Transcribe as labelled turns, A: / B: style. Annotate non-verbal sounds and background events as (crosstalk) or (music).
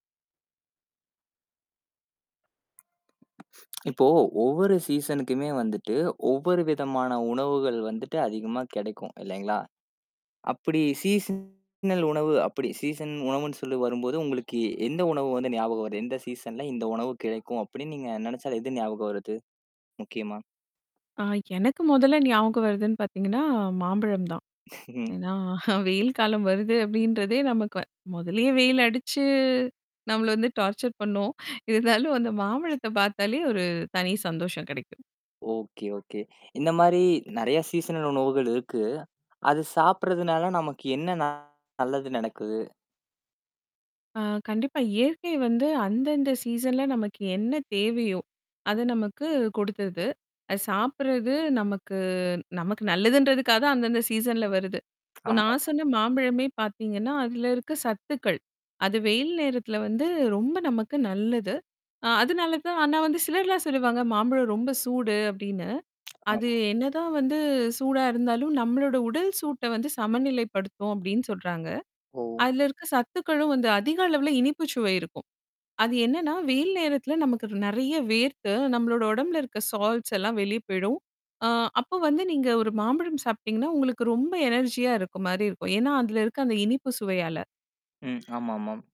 A: (smacks lips) இப்போ ஒவ்வொரு சீசனுக்குமே வந்துட்டு, ஒவ்வொரு விதமான உணவுகள் வந்துட்டு அதிகமா கிடைக்கும் இல்லேங்களா! அப்பிடி சீசனல் உணவு அப்பிடி சீசன் உணவுன்னு சொல்லி வரும்போது. உங்களுக்கு எ எந்த உணவு வந்து ஞாபகம் வருது? எந்த சீசன்ல இந்த உணவு கிடைக்கும் அப்பிடின்னு நீங்க நெனச்சால எது ஞாபகம் வருது முக்கியமா?
B: ஆ எனக்கு முதல்ல ஞாபகம் வருதுன்னு பாத்தீங்கன்னா, மாம்பழம் தான்.
A: (chuckles)
B: ஏன்னா (chuckles) வெயில் காலம் வருது அப்பிடின்றதே நமக்கு முதலே வெயில் அடிச்சு. நம்மள வந்து டார்ச்சர் பண்ணும். இருந்தாலும் அந்த மாபழத்த பாத்தாலே ஒரு தனி சந்தோஷம் கெடைக்கும்.
A: Okay, okay. இந்தமாரி நெறைய சீசனல் உணவுகள் இருக்கு. அது சாப்பிட்றதுனால நமக்கு என்ன ந நல்லது நடக்குது?
B: ஆ கண்டிப்பா. இயற்கை வந்து அந்தந்த சீசன்ல நமக்கு என்ன தேவையோ! அத நமக்கு குடுத்தது. அத சாப்புட்றது நமக்கு நமக்கு நல்லதுன்றதுக்காக அந்தந்த சீசன்ல வருது. இப்ப நான்
A: ஆமாமா.
B: சொன்ன மாம்பழமே பாத்தீங்கன்னா, அது இருக்க சத்துக்கள். அது வெயில் நேரத்தில வந்து ரொம்ப நமக்கு நல்லது. அ அதனால தான் ஆனா வந்து சிலர்லாம் சொல்லுவாங்க. மாம்பழம் ரொம்ப சூடு அப்பிடின்னு. அது
A: ஆமா.
B: என்னதான் வந்து சூடா இருந்தாலும் நம்மளோட உடல் சூட்ட வந்து சமநிலைப்படுத்தும் அப்பிடின்னு சொல்றாங்க.
A: ஓ!
B: அதுல இருக்க சத்துக்களும் வந்து அதிக அளவுல இனிப்புச்சுவை இருக்கும். அது என்னன்னா, வெயில் நேரத்தில நமக்கு நெறைய வேர்த்து நம்மளோட உடம்புல இருக்க சால்ஸ் எல்லாம் வெளிய போயிடும். ஆ அப்போ வந்து நீங்க ஒரு மாம்பழம் சாப்பி்டீங்கன்னா, உங்களுக்கு ரொம்ப எனர்ஜியா இருக்கமாரி இருக்கும். ஏன்னா அதுல இருக்குற அந்த இனிப்பு சுவையால.
A: ம். ஆமா, ஆமாம்.